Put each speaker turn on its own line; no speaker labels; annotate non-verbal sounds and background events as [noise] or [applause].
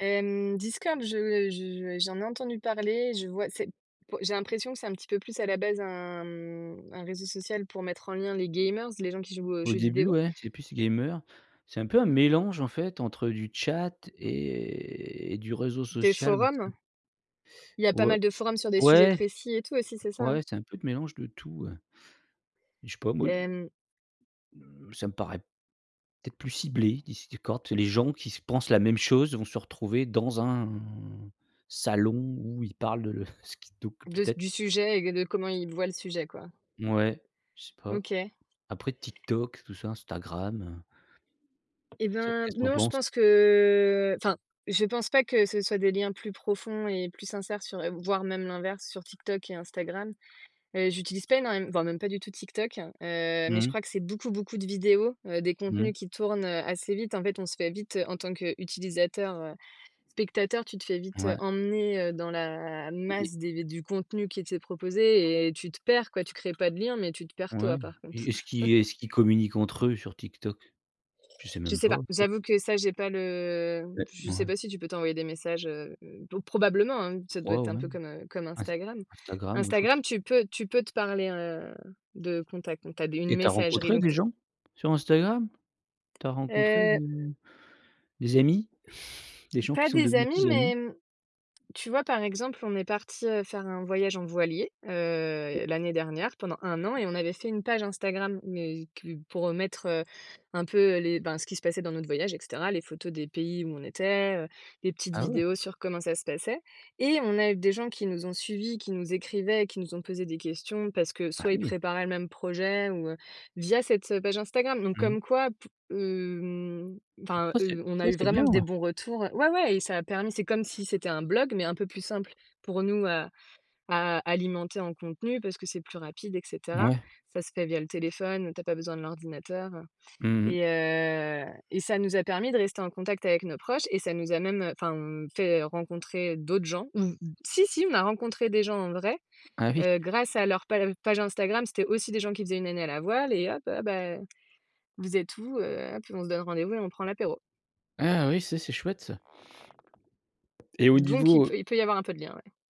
Hem, Discord, je je j'en ai entendu parler, je vois, c'est, po j'ai l'impression que c'est un petit peu plus à la base un, mmh, un réseau social pour mettre en lien les gamers, les gens qui jouent aux
Au
jeux
début
vidéo.
ouais, c'est plus gamer. C'est un peu un mélange en fait, entre du chat et et du réseau
Des
social
forums?
[unintelligible]
Il y a pas
Ou o
mal de forums sur des sujets
ouais.
précis et tout aussi, c'est ça,
Ouais
hein?
c'est un peu de mélange de tout, ouais je sais pas moi,
Hem
mmh, ça me paraît peut-être plus ciblé, Dis Discord c'est les gens qui se pensent la même chose, vont se retrouver dans un salon où ils parlent de le ce qui donc
De s
peut-être
du sujet et c de comment ils voient le sujet quoi.
Mouais, je sais pas.
OK.
Après TikTok, tout ça, Instagram heu
Eh
ça,
ben,
qu'est-ce que
b
tu en
non, je
penses?
pense que enfin, je pense pas que ce soient des liens plus profonds et plus sincères sur le voire même l'inverse sur Tik Tok et Instagram. Heu, j'utilise pas énorme m voire même pas du tout Tik Tok. Heu, mais je
Mmh.
crois que c'est beaucoup beaucoup de vidéos. Heu, des
Mmh.
contenus qui tournent, heu, assez vite. En fait on se fait vite, heu, en tant qu'utilisateur, heu spectateur, tu te fais vite, heu,
Ouais.
emmener, heu, dans la
Et et
masse des du contenu qui était proposé et tu te perds quoi, tu crées pas de lien, mais tu te perds
Ouais
toi par
et
contre.
est-ce qu'ils
[chuckles]
est-ce qu'ils communiquent entre eux sur TikTok? Je sais
Je
même
sais
pas
pas.
en fait.
J'avoue que ça, j'ai pas le
Et
je sais
mouais.
pas si tu peux t'envoyer des messages, heu oh probablement, hein, ça doit
Crois
être
au
un peu
même.
comme, heu, comme
Ins
Instagram.
Instagram ouais je crois
Instagram,
c'est
tu peux tu peux te parler, heu, de contact. Donc tu as d
Et
une
tu as
messagerie
rencontré
donc
des
t
gens? Sur Instagram? Tu as rencontré
Heu
des des amis? [chuckles] Des gens qui
Pas
sont
des
devenus
amis,
tes amis?
mais mmh, tu vois par exemple on est partis, heu, faire un voyage en voilier. Heu, l'année dernière pendant 1 an et on avait fait une page Instagram. Mais plus pour, heu, mettre, heu, un peu les ben ce qui se passait dans notre voyage et cetera. Les photos des pays où on était, heu, les petites
Ah ouais!
vidéos sur comment ça se passait et on a eu des gens qui nous ont suivis, qui nous écrivaient et qui nous ont posé des questions, parce que
Ah
soit ils
oui.
préparaient le même projet ou heu via cette, heu, page Instagram. Donc
Mmh.
comme quoi, pou hem enfin
Ça c'est
heu on
ça
a eu
c'est
vraiment
bien!
des bons retours. Heu, ouais ouais et ça a permis c'est comme si c'était un blog, mais un peu plus simple pour nous à à alimenter en contenu. Parce que c'est plus rapide et cetera.
Mouais.
Ça se fait via le téléphone, où tu as pas besoin de l'ordinateur, heu
Mmh mh.
et heu, et ça nous a permis de rester en contact avec nos proches et ça nous a même, heu enfin mmh, fait rencontrer d'autres gens. Mmh mh. Si, si on a rencontré des gens en vrai,
Ah oui!
heu, grâce à leur page page Instagram, c'étaient aussi des gens qui faisaient 1 année à la voile et hop: «Heu, bah, vous êtes où heu?» hop, on se donne rendez-vous et on prend l'apéro.
Ah oui, ça c'est chouette ça et au
Donc il
niveau, heu
peut il peut y avoir un peu de lien ouais.